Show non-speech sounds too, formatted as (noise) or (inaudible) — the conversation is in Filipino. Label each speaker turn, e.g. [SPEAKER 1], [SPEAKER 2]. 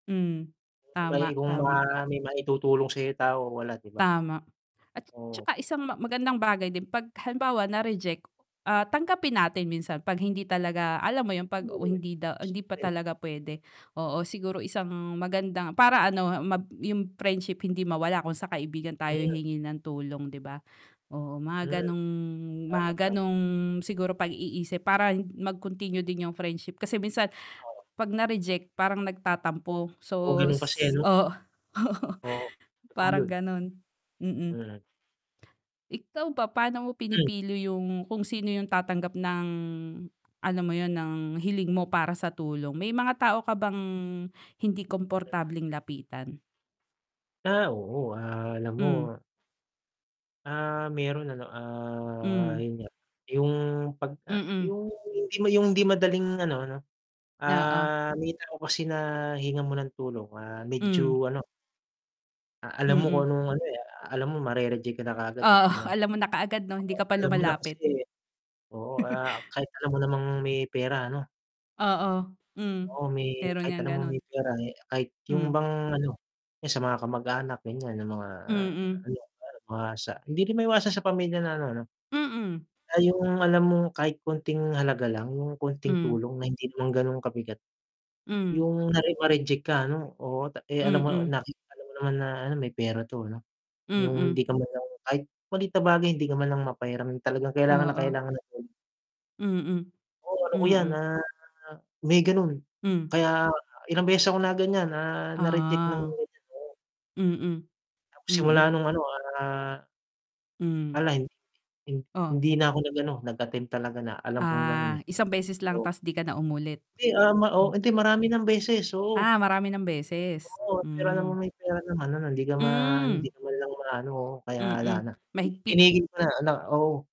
[SPEAKER 1] Mm,
[SPEAKER 2] Eh, may
[SPEAKER 1] tama,
[SPEAKER 2] kung
[SPEAKER 1] tama.
[SPEAKER 2] ma maitutulong sa'yo tao wala 'di ba?
[SPEAKER 1] Tama. At
[SPEAKER 2] Oo.
[SPEAKER 1] 'tsaka isang ma magandang bagay din 'pag halimbawa na-reject, ah, tanggapin natin minsan 'pag hindi talaga alam mo 'yun, 'pag hindi daw hindi pa
[SPEAKER 2] (unintelligible)
[SPEAKER 1] talaga puwede, oo siguro isang magandang para ano mab 'yung friendship hindi mawala kung sa kaibigan tayo
[SPEAKER 2] Hmm.
[SPEAKER 1] hihingi ng tulong 'di ba? Oo
[SPEAKER 2] Mm.
[SPEAKER 1] mga gano'ng mga
[SPEAKER 2] Tama, tama.
[SPEAKER 1] gano'ng siguro pag-iisip para mag-continue din 'yung friendship, kasi minsan,
[SPEAKER 2] Oo.
[SPEAKER 1] 'pag na-reject, parang nagtatampo
[SPEAKER 2] Puro
[SPEAKER 1] so
[SPEAKER 2] ganun kasi
[SPEAKER 1] s
[SPEAKER 2] ano?
[SPEAKER 1] oo, oo
[SPEAKER 2] Oo, totoo
[SPEAKER 1] parang
[SPEAKER 2] 'yun.
[SPEAKER 1] ganun, mm.
[SPEAKER 2] Mm.
[SPEAKER 1] Ikaw ba, paano mo
[SPEAKER 2] Hmm.
[SPEAKER 1] pinipili 'yung kung sino 'yung tatanggap ng ano, alam mo 'yun ng hiling mo para sa tulong? May mga tao ka bang hindi komportableng lapitan?
[SPEAKER 2] Ah, oo, ah, alam
[SPEAKER 1] Hmm.
[SPEAKER 2] mo ah, meron ano, ah,
[SPEAKER 1] Hmm.
[SPEAKER 2] 'yun nga, 'yung 'pagka
[SPEAKER 1] Mm.
[SPEAKER 2] 'yung hindi ma 'yung hindi madaling ano ano
[SPEAKER 1] Oo.
[SPEAKER 2] ah, may tao kasi na hingan mo ng tulong, ah,
[SPEAKER 1] Hmm.
[SPEAKER 2] medyo ano ah, alam mo kung
[SPEAKER 1] Mm.
[SPEAKER 2] anong ano, eh, ah, alam mo mare-reject ka na kaagad, eh,
[SPEAKER 1] Oo
[SPEAKER 2] ano.
[SPEAKER 1] alam mo na kaagad 'no? Hindi
[SPEAKER 2] Oo,
[SPEAKER 1] ka pa
[SPEAKER 2] alam mo na
[SPEAKER 1] lumalapit.
[SPEAKER 2] kasi oo, ah,
[SPEAKER 1] (chuckles)
[SPEAKER 2] kahit alam mo namang may pera ano
[SPEAKER 1] Oo, hmm.
[SPEAKER 2] Oo may
[SPEAKER 1] Meron
[SPEAKER 2] kahit
[SPEAKER 1] ngang
[SPEAKER 2] alam mo
[SPEAKER 1] ganun.
[SPEAKER 2] may pera, eh, kahit 'yung
[SPEAKER 1] Hmm.
[SPEAKER 2] bang ano, 'yan sa mga kamag-anak ganiyan 'yung mga,
[SPEAKER 1] Mm.
[SPEAKER 2] ano kunyari mga sa hindi rin maiwasan sa pamilya na ano 'no?
[SPEAKER 1] Mm.
[SPEAKER 2] Ay 'yung alam mong kahit konting halaga lang, 'yung konting
[SPEAKER 1] Hmm.
[SPEAKER 2] tulong na hindi naman ganun kabigat.
[SPEAKER 1] Hmm.
[SPEAKER 2] 'Yung kunwari na-reject ka ano, oo eh, alam mo
[SPEAKER 1] Mm.
[SPEAKER 2] nakita mo naman na ano may pera 'to ano, 'yung hindi
[SPEAKER 1] Mm.
[SPEAKER 2] ka man lang kahit maliit na bagay hindi ka man lang mapahiram talagang kailangan na
[SPEAKER 1] Oo.
[SPEAKER 2] kailangan agad.
[SPEAKER 1] Mm.
[SPEAKER 2] Oo, ano ko 'yan,
[SPEAKER 1] Mm.
[SPEAKER 2] ah, may ganun.
[SPEAKER 1] Hmm.
[SPEAKER 2] Kaya ilang beses ako na ganiyan na na-reject nang
[SPEAKER 1] Ah.
[SPEAKER 2] ganiyan, oo.
[SPEAKER 1] Mm.
[SPEAKER 2] Tapos simula
[SPEAKER 1] Mm.
[SPEAKER 2] nung ano, ah
[SPEAKER 1] Hmm.
[SPEAKER 2] wala, hin
[SPEAKER 1] Oh.
[SPEAKER 2] hindi na ako nag ano, nag-attempt talaga na alam kong ganun
[SPEAKER 1] Ah,
[SPEAKER 2] eh.
[SPEAKER 1] isang beses lang
[SPEAKER 2] Oo.
[SPEAKER 1] ta's 'di ka na umulit?
[SPEAKER 2] 'Di, um, ah, o
[SPEAKER 1] Hmm.
[SPEAKER 2] hindi marami ng beses, oo.
[SPEAKER 1] Ah, marami ng beses?
[SPEAKER 2] Oo pera naman
[SPEAKER 1] Hmm.
[SPEAKER 2] may pera naman, ano hindi ka ma hindi
[SPEAKER 1] Hmm.
[SPEAKER 2] ka naman lang ma-ano, oo, kaya wala
[SPEAKER 1] Mm,
[SPEAKER 2] na,
[SPEAKER 1] mahigpit.
[SPEAKER 2] tinigil ko na na oo.